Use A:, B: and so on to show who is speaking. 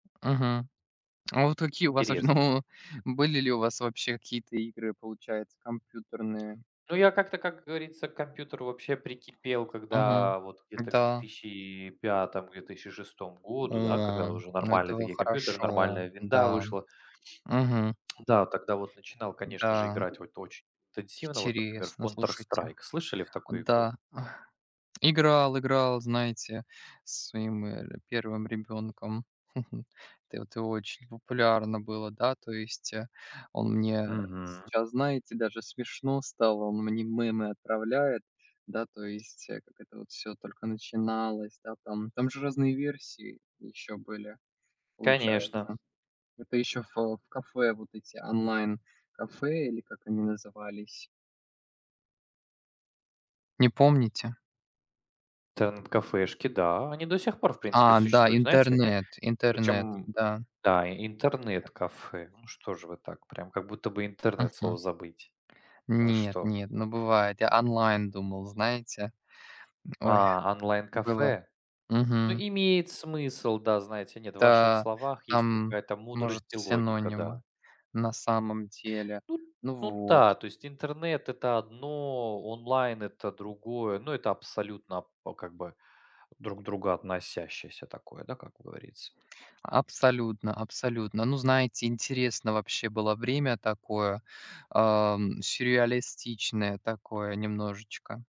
A: Мгм, а вот какие у вас, ваще
B: Интересно.
A: ну, были ли у вас вообще какие-то игры, получается, компьютерные?
B: Ну, я как-то, как говорится, к компьютеру вообще прикипел,
A: Мгм,
B: когда вот где-то к две
A: да.
B: тысячи пятому две тысячи шестому
A: О,
B: году, да, когда
A: м,
B: уже
A: ну, это
B: нормальные
A: во
B: такие компьютеры,
A: хорошо,
B: нормальная "Винда"
A: да.
B: вышла.
A: Мгм.
B: Да, тогда вот начинал, конечно же,
A: Да.
B: играть вот очень интенсивно, вот, например, в
A: Интересно, слушайте.
B: Counter-Strike. Слышали в такую игру?
A: Да, играл играл, знаете, со своим, э, 1 ребёнком, это вот, и очень популярно было, да. То есть, э, он мне
B: Мгм.
A: сейчас, знаете, даже смешно стало, он мне мемы отправляет, да, то есть, э, как это всё только начиналось, да, там там же разные версии ещё были,
B: Конечно.
A: получается, это ещё в в кафе, вот эти онлайн-кафе или как они назывались. Не помните?
B: Интернет- кафешки, да, они до сих пор, в принципе,
A: А, да,
B: существуют, знаете?
A: интернет интернет,
B: Причём,
A: да.
B: да, и
A: Так
B: интернет-кафе, ну, что же вы так, прям как будто бы "интернет"
A: Мгм.
B: слово забыть. Вы что?
A: Нет-нет, но бывает. Я онлайн думал, знаете. М, ой,
B: А,
A: было.
B: онлайн-кафе? Ну,
A: Мгм.
B: имеет смысл, да. Знаете, нет, в ваших
A: Да,
B: словах есть
A: там,
B: какая-то
A: может,
B: мудрость и логика,
A: синонимы,
B: да.
A: на самом деле,
B: Ну
A: ну,
B: ну
A: вот.
B: да, то есть интернет- это одно, онлайн- это другое. Ну, это абсолютно, п как бы друг к другу относящееся такое, да, как говорится.
A: Абсолютно абсолютно. Ну, знаете, интересно вообще было время такое, а, м, сюрреалистичное такое немножечко.